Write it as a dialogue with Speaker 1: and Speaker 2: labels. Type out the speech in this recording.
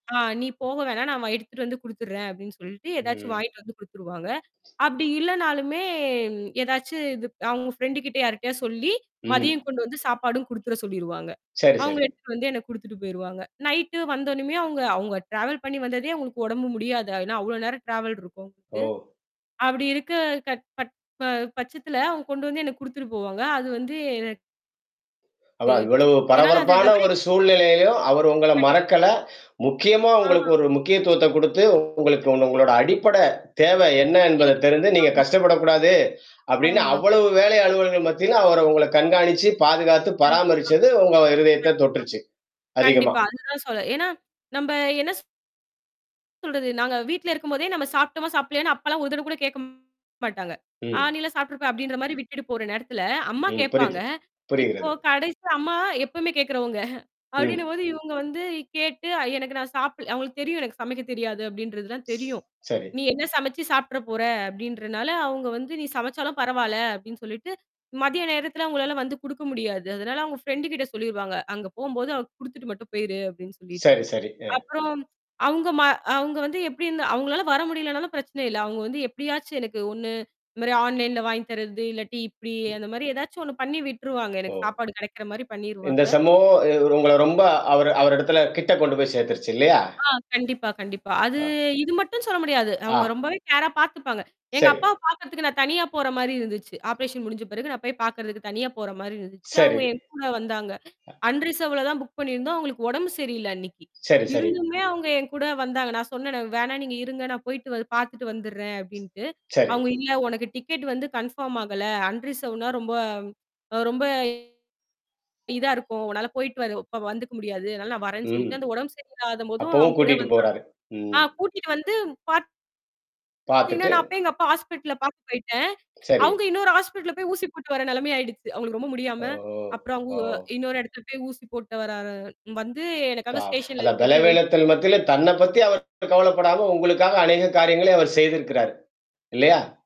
Speaker 1: ஆ "நீ போக வேணாம், நான் வ எடுத்துட்டு வந்து குடுத்துடுறேன்." அப்படின்னு சொல்ட்டு ஏதாச்சும்
Speaker 2: ம்.
Speaker 1: வாங்கிட்டு வந்து குடுத்துருவாங்க. அப்படி இல்லனாலுமே ஏதாச்சு இது அவுங்க ஃப்ரெண்ட் கிட்ட யார்ட்டயாவது சொல்லி,
Speaker 2: ம்.
Speaker 1: மதியம் கொண்டு வந்து சாப்பாடும் குடுத்துர சொல்லிருவாங்க.
Speaker 2: சரி,
Speaker 1: அவங்க
Speaker 2: சரி.
Speaker 1: எடுத்து வந்து எனக்கு குடுத்துட்டு போயிருவாங்க. நைட்டு வந்த உடனுமே அவுங்க அவுங்க ட்ராவல் பண்ணி வந்ததே அவுங்களுக்கு உடம்பு முடியாது. ஏனா அவ்ளோ நேரம் ட்ராவல் இருக்கும் க்கு.
Speaker 2: ஓ!
Speaker 1: அப்படி இருக்க க ப் ப பட்சத்தில அவங்க கொண்டு வந்து எனக்கு குடுத்துட்டு போவாங்க. அது வந்து எனக் க
Speaker 2: அவா இவ்வளவு
Speaker 1: ஏன்னால அது
Speaker 2: பரபரப்பான
Speaker 1: வெவரி
Speaker 2: ஒரு
Speaker 1: [unintelligible]
Speaker 2: சூழ்நிலையிலயும், அவர் உங்கள
Speaker 1: கண்டிப்பா.
Speaker 2: மறக்கல, முக்கியமா உங்களுக்கு
Speaker 1: ஆ.
Speaker 2: ஒரு முக்கியத்துவத்த குடுத்து உங்களுக்கு உ
Speaker 1: கண்டிப்பா.
Speaker 2: உங்களோட அடிப்படை தேவை என்ன என்பத
Speaker 1: [unintelligible]
Speaker 2: தெரிந்து நீங்க
Speaker 1: ஆமா.
Speaker 2: கஷ்டப்படக்கூடாது. அப்படின்னு
Speaker 1: ஆமா.
Speaker 2: அவ்வளவு
Speaker 1: கண்டிப்பா.
Speaker 2: வேலை அலுவல்கள் மத்தியிலும் அவர உங்கள கண்காணிச்சு, பாதுகாத்து,
Speaker 1: கண்டிப்பா.
Speaker 2: பராமரிச்சது உங்க இருதயத்த
Speaker 1: கண்டிப்பாக.
Speaker 2: தொட்ருச்சு அதிகமா.
Speaker 1: கண்டிப்பா. அதுதான் சொல்ல ஏன்னா நம்ப என்ன ஸ் சொல்றது. நாங்க வீட்ல இருக்கும்போதே நம்ம சாப்ட்டோமா சாப்பிட்லயன்னா அப்பலாம் ஒரு தடவ கூட கேட்க மாட்டங்க. ஆ
Speaker 2: ம்.
Speaker 1: நீலாம் சாப்ட்ருப்ப. அப்படின்ற மாரி விட்டுட்டு போற நேரத்துல அம்மா
Speaker 2: ம்.
Speaker 1: கேட்பாங்க.
Speaker 2: புரியுது.
Speaker 1: இப்போ
Speaker 2: புரிகிறது.
Speaker 1: கடைசி அம்மா எப்பவுமே கேட்கறவங்க.
Speaker 2: ம்.
Speaker 1: அப்படின்னும்போது இவங்க வந்து கேட்டு எனக்கு நான் சாப்பிடல அவுங்களுக்கு தெரியும். எனக்கு சமைக்க தெரியாது அப்படின்றதுல்லாம் தெரியும்.
Speaker 2: சரி.
Speaker 1: நீ என்ன சமைச்சு சாப்ட்ற போற, அப்படின்றனால அவங்க வந்து "நீ சமைச்சாலும் பரவால்ல" அப்படின்னு சொல்லிட்டு மதிய நேரத்தில அவங்களால வந்து குடுக்க முடியாது. அதனால அவுங்க ஃப்ரண்ட்டு கிட்ட சொல்லிருவாங்க. அங்க போகும்போது அவ குடுத்துட்டு மட்டும் போயிரு அப்படின்னு சொல்லிட்டு.
Speaker 2: சரி, சரி. அ.
Speaker 1: அப்புறம், அவங்க ம அங்க வந்து எப்படி இருந்து அவங்களால வர முடியலனாலும் பிரச்சனை இல்ல. அவுங்க வந்து எப்படியாச்சு எனக்கு ஒண்ணு இந்த மாரி ஆன்லைன்ல வாங்கி தரது இல்லாட்டி இப்படி
Speaker 2: ம்.
Speaker 1: அந்த மாரி ஏதாச்சும் ஒண்ணு பண்ணி விட்டுருவாங்க.
Speaker 2: ஓ!
Speaker 1: எனக்கு சாப்பாடு கிடைக்கிற மாரி
Speaker 2: இந்த
Speaker 1: பண்ணிருவாங்க.
Speaker 2: சம்பவம் உங்கள ரொம்ப அவரு அவர் இடத்தல கிட்ட கொண்டு போய் சேர்த்துருச்சு இல்லையா?
Speaker 1: ஆ கண்டிப்பா, கண்டிப்பா. அது
Speaker 2: ஆ.
Speaker 1: இது மட்டும் சொல்ல முடியாது.
Speaker 2: ஆ.
Speaker 1: அவங்க ரொம்பவே கேரா பார்த்துப்பாங்க. எங்க
Speaker 2: சரி.
Speaker 1: அப்பாவ பார்க்கறதுக்கு நான் தனியா போற மாரி இருந்துச்சு. ஆப்ரேஷன் முடிஞ்ச பிறகு நான் போய் பார்க்கறதுக்கு தனியா போற மாரி இருந்துச்சு.
Speaker 2: சரி.
Speaker 1: அவுங்க என் கூட வந்தாங்க.
Speaker 2: அ.
Speaker 1: அன் ரிசர்வ்ல தான் புக் பண்ணியிருந்தோம் அவங்களுக்கு உடம்பு சரியில்ல அன்னைக்கு.
Speaker 2: சரி, சரி.
Speaker 1: இருந்துமே அவங்க என் கூட வந்தாங்க. நான் சொன்னேன வேணா நீங்க இருங்க நான் போய்ட்டு வ பார்த்துட்டு வந்துடுறேன் அப்படின்ட்டு.
Speaker 2: சரி.
Speaker 1: அவுங்க இல்ல உனக்கு டிக்கெட் வந்து கன்ஃபார்ம் ஆகல. அன்ரிசவர்ட்டுனா ரொம்ப அவ ரொம்ப இதா இருக்கும். உன்னால போயிட்டு வர இப்ப வந்துக்க முடியாது. அதனால நான் வரேன்னு
Speaker 2: ம்.
Speaker 1: சொல்லிட்டு அந்த உடம்பு சரியில்லாதபோதும்
Speaker 2: அப்பவும்
Speaker 1: அவங்க கூட
Speaker 2: கூட்டிட்டு
Speaker 1: வந்த
Speaker 2: போறாரு.
Speaker 1: [unintelligible] ஆ
Speaker 2: ம்.
Speaker 1: கூட்டிட்டு வந்து பார்த்தீங்கன்னா
Speaker 2: பார்த்துட்டு.
Speaker 1: நான் போய் எங்க அப்பா ஹாஸ்பிட்டல்ல பார்த்து போய்ட்டேன்.
Speaker 2: சரி.
Speaker 1: அவுங்க இன்னொரு ஹாஸ்பிட்டல்ல போய் ஊசி போட்டு வர நெலமைய ஆயிடுச்சு. அவங்களுக்கு ரொம்ப முடியாம.
Speaker 2: ஓஹோ!
Speaker 1: அப்புறம் அங்க
Speaker 2: ஓ!
Speaker 1: ஓ இன்னொரு இடத்துல போய் ஊசி போட்டு வர்ற ர வந்து எனக்காக
Speaker 2: ப்பா.
Speaker 1: ஸ்டேஷன்ல
Speaker 2: அத
Speaker 1: எடுத்துட்டு போய் வெயிட்
Speaker 2: பலவேலத்தல மத்தியில தன்ன பத்தி அவர் கவலப்படாம உங்களுக்காக அநேக காரியங்கள்ல அவர் செய்திருக்கிறாரு. இல்லையா?